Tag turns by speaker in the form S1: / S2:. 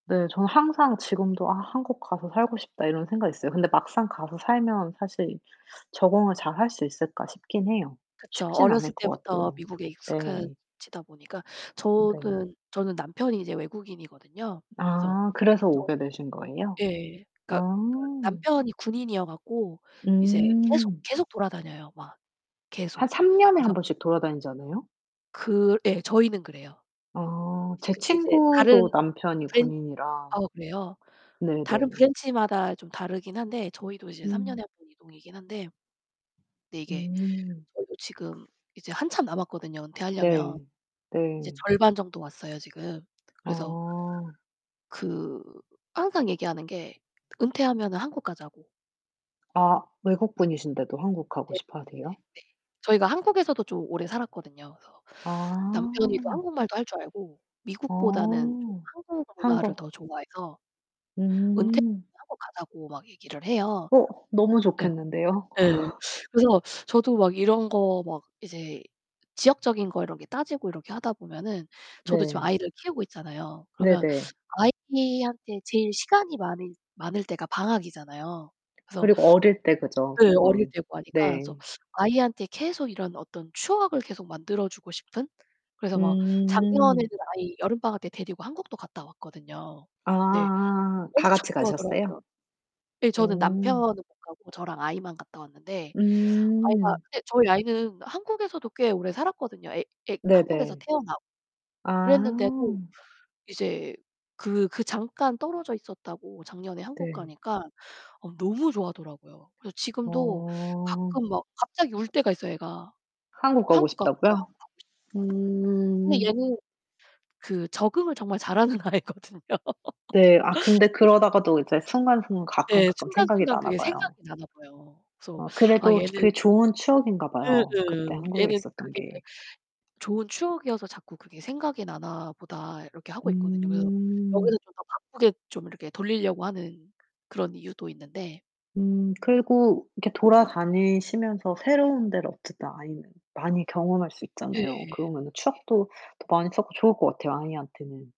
S1: 네 전 항상 지금도 '아 한국 가서 살고 싶다.'이런 생각이 있어요. 근데 막상 가서 살면 사실 적응을 잘 할 수 있을까 싶긴 해요.
S2: 그쵸.
S1: 쉽진 않을
S2: 어렸을
S1: 것
S2: 때부터
S1: 같아요.
S2: 미국에
S1: 네.
S2: 익숙해지다 보니까.
S1: 네.
S2: 저는 저는 남편이 이제 외국인이거든요. 그래서
S1: 아 그래서
S2: 저희
S1: 오게 되신 거예요?
S2: 예. 그니까
S1: 아.
S2: 남편이 군인이어 갖고 이제 계속
S1: 음.
S2: 계속 돌아다녀요. 막
S1: 한
S2: 계속.
S1: 3 년에
S2: 그래서
S1: 1 번씩 돌아다니지 않아요?
S2: 그 예. 저희는 그래요.
S1: 아.
S2: 이제
S1: 제
S2: 근데 이제 다른
S1: 친구도 남편이
S2: 브랜
S1: 군인이라.
S2: 어 그래요? 다른
S1: 네네.
S2: 브랜치마다 좀 다르긴 한데 저희도 이제 3
S1: 음.
S2: 년에 1 번 이동이긴 한데 근데 이게
S1: 음.
S2: 저희도 지금 이제 한참 남았거든요 은퇴하려면.
S1: 네.
S2: 이제
S1: 네.
S2: 절반 정도 왔어요 지금. 그래서
S1: 아.
S2: 그 항상 얘기하는 게 은퇴하면은 한국 가자고.
S1: 아 외국분이신데도 한국 가고
S2: 네. 네.
S1: 싶어 하세요?
S2: 저희가 한국에서도 좀 오래 살았거든요. 그래서 남편이 또
S1: 아.
S2: 한국말도 할 줄 알고 미국보다는 좀
S1: 어.
S2: 한국 문화를
S1: 한국.
S2: 더 좋아해서
S1: 음.
S2: 은퇴하고 가자고 막 얘기를 해요.
S1: 어 너무
S2: 예.
S1: 좋겠는데요.
S2: 예. 그래서 저도 막 이런 거 막 이제 지역적인 거 이런게 따지고 이렇게 하다 보면은 저도 지금
S1: 네.
S2: 아이를 키우고 있잖아요. 그러면
S1: 네네.
S2: 아이한테 제일 시간이 많을 많을 때가 방학이잖아요. 그래서
S1: 그리고 어릴 때 그죠.
S2: 예. 어릴
S1: 쪼끔.
S2: 때고 하니까.
S1: 네.
S2: 그래서 아이한테 계속 이런 어떤 추억을 계속 만들어 주고 싶은? 그래서 막 작년에는
S1: 음.
S2: 아이 여름방학 때 데리고 한국도 갔다 왔거든요. 네.
S1: 아
S2: 엄청
S1: 다같이
S2: 좋아하더라고요.
S1: 가셨어요?
S2: 예 저는 남편은
S1: 오.
S2: 못 가고 저랑 아이만 갔다 왔는데 아이가
S1: 음.
S2: 근데 저희 아이는 한국에서도 꽤 오래 살았거든요. 애 애 한국에서
S1: 네네.
S2: 태어나고.
S1: 아.
S2: 그랬는데도 이제 그 그 잠깐 떨어져 있었다고 작년에 한국
S1: 네.
S2: 가니까 어 너무 좋아하더라고요. 그래서 지금도
S1: 어.
S2: 가끔 막 갑자기 울 때가 있어요 애가.
S1: 한국 가고
S2: 한국 가고
S1: 싶다고요?
S2: [unintelligible] 근데
S1: 음.
S2: 얘는 그 적응을 정말 잘하는 아이거든요.
S1: 네. 아 근데 그러다가도 이제 순간 순간 가끔
S2: 예.
S1: 가끔 생각이
S2: 순간순간 그게
S1: 나나봐요.
S2: 생각이 나나 봐요. 그래서
S1: 어
S2: 아
S1: 그래도
S2: 얘는
S1: 그게 좋은
S2: 예예.
S1: 추억인가봐요. 그때 한국에
S2: '얘는
S1: 있었던
S2: 그게
S1: 게.
S2: 좋은 추억이어서 자꾸 그게 생각이 나나 보다.' 이렇게 하고 있거든요. 그래서
S1: 음.
S2: 여기서 좀 더 바쁘게 좀 이렇게 돌리려고 하는 그런 이유도 있는데.
S1: 음. 그리고 이렇게 돌아 다니시면서 새로운 데를 어쨌든 아이는 많이 경험할 수
S2: 예.
S1: 있잖아요.
S2: 네.
S1: 그러면은 추억도 더 많이 쌓고 좋을거 같아요 아이한테는.